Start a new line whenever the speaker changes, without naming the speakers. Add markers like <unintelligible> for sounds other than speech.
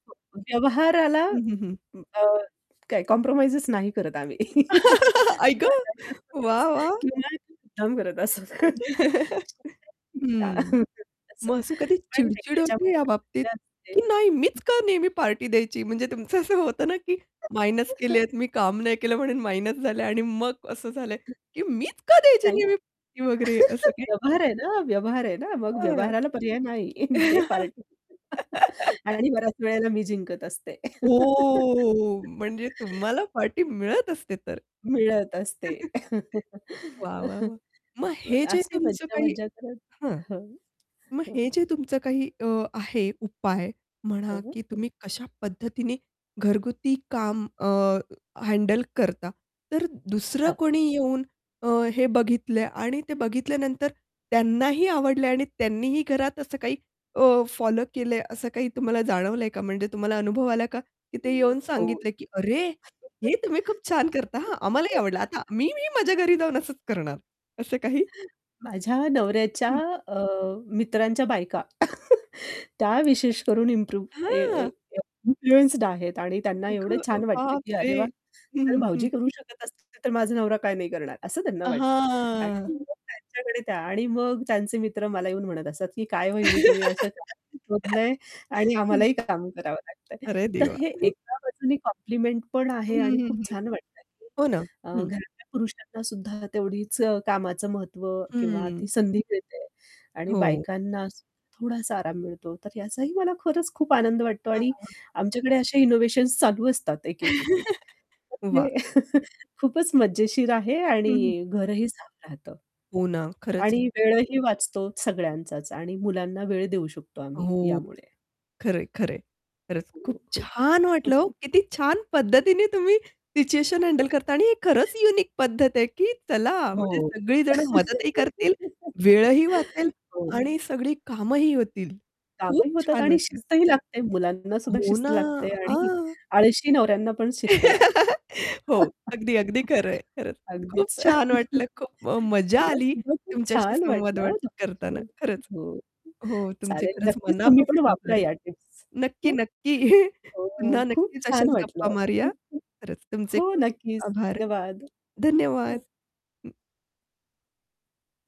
हो, व्यवहाराला
हं, हं, हं.
अ, काय कॉम्प्रोमाईज नाही करत आम्ही. <laughs>
<laughs> आई गं! वाह, वाह!
<unintelligible> मुद्दाम करत असत. <unintelligible>
<chuckles> हं.
<chuckles> असं.
मग असं कधी
पण
चिड-चिड होते
याच्यामध्ये
या
पण
बाबतीत
मजा असते.
की
हं.
"नाही मीच का नेहमी पार्टी द्यायची?" म्हणजे तुमचं असं होतं ना, की मायनस
<laughs>
केलेत, मी काम नाही केलं म्हणून मायनस झालंय आणि मग असं झालंय,
हं.
की "मीच का द्यायची
नाही.
नेहमी पार्टी वगैरे," असं
<laughs>
काही.
व्यवहार आहे ना, व्यवहार आहे ना. मग
हं.
व्यवहाराला पर्याय नाही, <chuckles> दे पार्टी <laughs>
<laughs>
आणि बऱ्याच वेळेला मी जिंकत असते.
हो. म्हणजे
<laughs>
तुम्हाला पार्टी मिळत असते तर.
मिळत असते.
<chuckles> वाह, वाह, वाह!
<laughs>
मग हे जे
अशी
तुमचं
मज्जा
काही
मज्जा करत.
हं.
हं.
मग
हो.
हे जे तुमचं काही अ, आहे उपाय म्हणा,
हं.
की तुम्ही कशा पद्धतीने घरगुती काम अ, हँडल करता. तर दुसरं
हां.
कोणी येऊन अ, हे बघितलंय आणि ते बघितल्यानंतर त्यांनाही आवडलंय आणि त्यांनीही घरात असं काही अ, फॉलो केलंय, असं काही तुम्हाला जाणवलंय का? म्हणजे तुम्हाला अनुभव आला का? की ते
हं.
येऊन
हो.
सांगितले की "अरे हे तुम्ही खूप छान करता हां आम्हालाही आवडलं आता मी मी माझ्या
<laughs>
घरी जाऊन असंच करणार." असं काही?
माझ्या नवऱ्याच्या
हं.
अ, मित्रांच्या बायका, <laughs> त्या विशेष करून इम्प्रूव्ह अ, अ,
हां.
इन्फ्लुएन्स्ड आहेत. आणि त्यांना एवढं
अगं
छान वाटतं की
बापरे!
"अरे वाह,
हं,
जर
हं,
भाऊजी
हं.
करू शकत असतील, तर माझा नवरा काय नाही करणार" असं त्यांना वाटतं. <unintelligible> आणि
हां.
त्यांच्याकडे त्या आणि मग त्यांचे मित्र मला येऊन म्हणत असतात, की "काय
<laughs>
वहिनी तुम्ही असं <unintelligible> शोधलंय आणि
हं.
आम्हालाही काम करावं लागतंय."
अरे
तर
देवा!
हे
<chuckles>
एका बाजूनी कॉम्प्लिमेंट पण
हं,
आहे आणि
हं,
खूप
हं.
छान वाटतंय.
हो ना.
अ,
हं.
घरातल्या पुरुषांना सुद्धा तेवढीच अ, कामाचं महत्व किंवा ती
हं.
संधी मिळते आणि
हो.
बायकांना अस थोडासा आराम मिळतो. तर याचाही मला खरंच खूप आनंद वाटतो.
हां,
आणि
हां, हां.
आमच्याकडे अशा इनोव्हेशन्स चालू असतात. एक, एक, एक, एक
<laughs>
तर
वाह!
ते <laughs> खूपच मजेशीर आहे
हं, हं.
आणि घरही साफ राहतं.
हो ना, खरंच.
आणि वेळही वाचतो सगळ्यांचाच आणि मुलांना वेळ देऊ शकतो आम्ही,
हो.
यामुळे.
खरं आहे, खरं आहे. खरंच
हो,
खूप
हो.
छान वाटलं हो,
<chuckles>
किती छान पद्धतीने तुम्ही सिच्युएशन हँडल करता आणि हे खरंच
<laughs>
युनिक पद्धत आहे, की चला म्हणजे
हो.
सगळी जण मदतही करतील, वेळही वाचेल
<laughs> हो.
आणि सगळी कामंही होतील. खूप
कामही होतात
छान
आणि
वाटलं.
शिस्तही लागते. मुलांनासुद्धा
हो
शिस्त
ना.
लागते आणि
हां.
आळशी नवऱ्यांना पण शिस्त लागते.
<laughs> हो. अगदी, अगदी खरं आहे.
<laughs>
खरचं खूप
अगदीच
छान वाटलं खूप म
<chuckles>
मजा
मला
आली,
सुद्धा खूप
तुमच्याशी
छान
संवाद
वाटलं
व
हं तुमच्याशी
करताना
बोलून.
खरंच.
हो,
हो तुमचे
चालेल
खरंच
नक्कीच तुम्ही पण
मनापासून
वापरा
आभार
या टिप्स.
नक्की
हं.
नक्की, <chuckles>
हो,
पुन्हा
खूप
नक्कीच
छान
अशाच गप्पा
वाटलं.
मारूया. खरंच तुमचे
हो,
खूप
नक्कीच.
आभार.
धन्यवाद.
धन्यवाद.
हं.
हं.